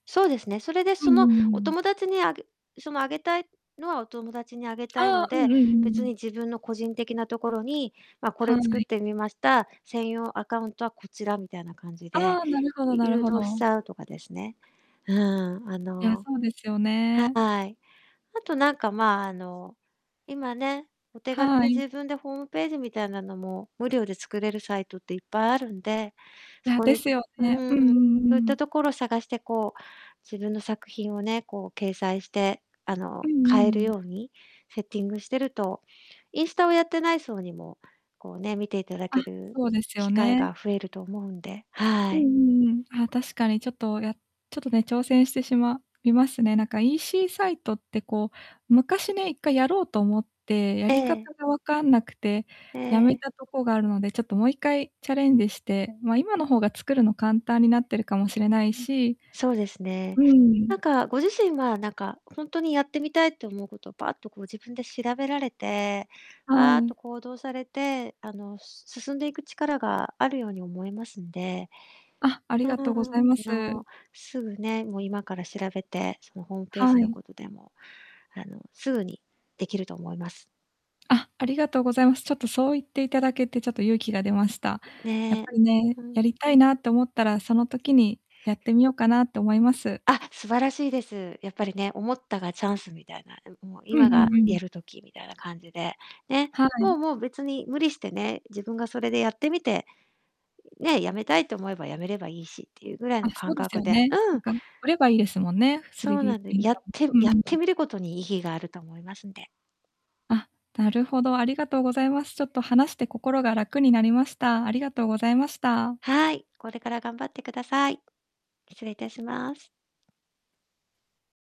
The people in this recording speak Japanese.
そうですね。それで、うそんの、うんうんおうん。友達にあげその、あげたいのはお友達にあげたいあのあ、うんで、うんうんう別ん。に、自分の個人的なところに、ま、これは作っい。てみました、専用アカウントはこちら、みたいな感じで、ああ、なるほどいなる誘ほ導しど。ちゃうとかですね。うん、あいや、のそうですよはね。い、あとなんか、まあ、あの、今ね、お手軽はにい。自分でホームページみたいなのも、無料で作れるサイトっていっぱいあるんで、いそや、こでにすようね。ううんーん、うんそうういったん。ところ探して、こう、自分の作品をね、こう、掲載して、あうの、んうん-買えるうん。ようにセッティングしてると、インスタをやってない層にも、こう、ね、見ていただあ、けるそうです機よ会ね。が増えると思うんで、はうんうい。んうん、あ、確かに、ちょっと、やちょっとね、挑戦してしまいますね。なんか EC サイトって、こう昔ね、一回やろうと思って、やえり方え。が分かんなくてえええやめえ。たとこがあるので、ちょっともう一回チャレンジして、ま、今の方が作るの簡単になってるかもしれないしそうですね。うん。なんか、ご自身は、なんか、ほんとにやってみたいと思うこと、パッとこう、自分で調べられて、はパーッとい。行動されて、あの、す進んでいく力があるように思いますんで、あ、ありうーがとうごん、ざあいます。の、すぐね、もう今から調べて、その、ホームページはのい。ことでも、あの、すぐにできると思います。あ、ありがとうございます。ちょっとそう言っていただけて、ちょっと勇気が出ました。うん、やっね、ぱりね、うん。やりたいなと思ったら、その時にやってみようかなと思います。あ、素晴らしいです。やっぱりね、思ったがチャンスみたいな、ん、もううん今うがんうやん。る時みたいな感じで、ね。はもうい。もう、別に無理してね、自分がそれでやってみて、ね、止めたいと思えば止めればいいしっていうぐらいあ、のそう感です覚よでね。なうんん。か売ればいいですもんね、スリそーうディーなプんリでンやタっーも。てうやんっうてん。みることに意義があると思いますんで。あ、なるほど、ありがとうございます。ちょっと話して心が楽になりました。ありがとうございました。はい。これから頑張ってください。失礼いたします。